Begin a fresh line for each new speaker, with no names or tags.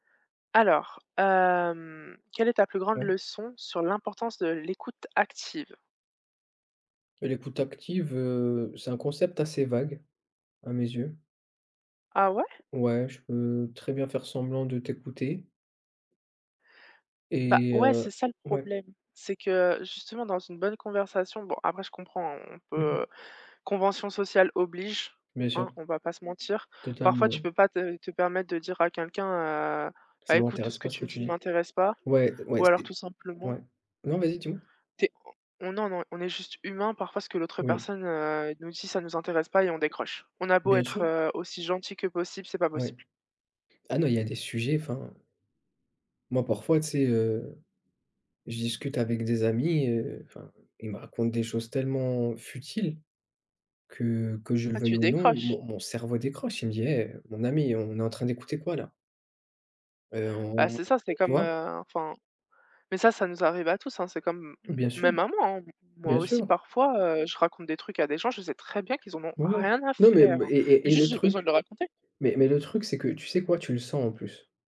Alors, hem, quelle est ta plus grande
Ouais.
leçon sur l'importance de l'écoute active?
L'écoute active, heu, c'est un concept assez vague, à mes yeux.
Ah ouais?
Ouais, je peux très bien faire semblant de t'écouter.
Bah,
Et
ouais
heu
c'est ça le
ouais.
problème. C'est que justement dans une bonne conversation bon après je comprends hein, on
Mmh mh.
peut, heu, convention sociale oblige,
Bien
hein,
sûr.
on va pas se mentir, parfois tu
Totalement.
peux pas te te permettre de dire à quelqu'un, heu:
Ça
«Bah, écoute
m'intéresse
ce que
pas ce
tu
que
me
tu
dis ne
dis.
m'intéresse pas»,
Ouais, ouais
ou alors
c'est
tout
ouais.
simplement
Non vas-y dis moi.
tu es, on on non, non on est juste humain parfois ce que l'autre
Oui.
personne, heu, nous dit, ça nous intéresse pas et on décroche. On a beau
Bien sûr.
être, heu, aussi gentil que possible, c'est pas
Oui.
possible.
Ah non, il y a des sujets enfin moi parfois tu sais, heu, je discute avec des amis, heu, enfin, ils me racontent des choses tellement futiles que, que je le
Ah
veuille
tu
ou non,
décroches.
mon mon cerveau décroche. Il me dit: «Eh, heu, mon ami, on est en train d'écouter quoi là?» «Heu,
Bah
on on»,
c'est ça, c'est
tu
comme,
vois?
heu, enfin, mais ça, ça nous arrive à tous hein, c'est comme m m
Bien sûr.
même à moi hein, m moi
Bien
aussi
sûr.
parfois, heu, je raconte des trucs à des gens, je sais très bien qu'ils en ont
Ouais, ouais.
rien à
Mais même
faire,
et
hein,
et
mais
et
juste
le
j'ai besoin de
truc,
le raconter.
mais mais le truc c'est que tu sais quoi, tu le sens en plus.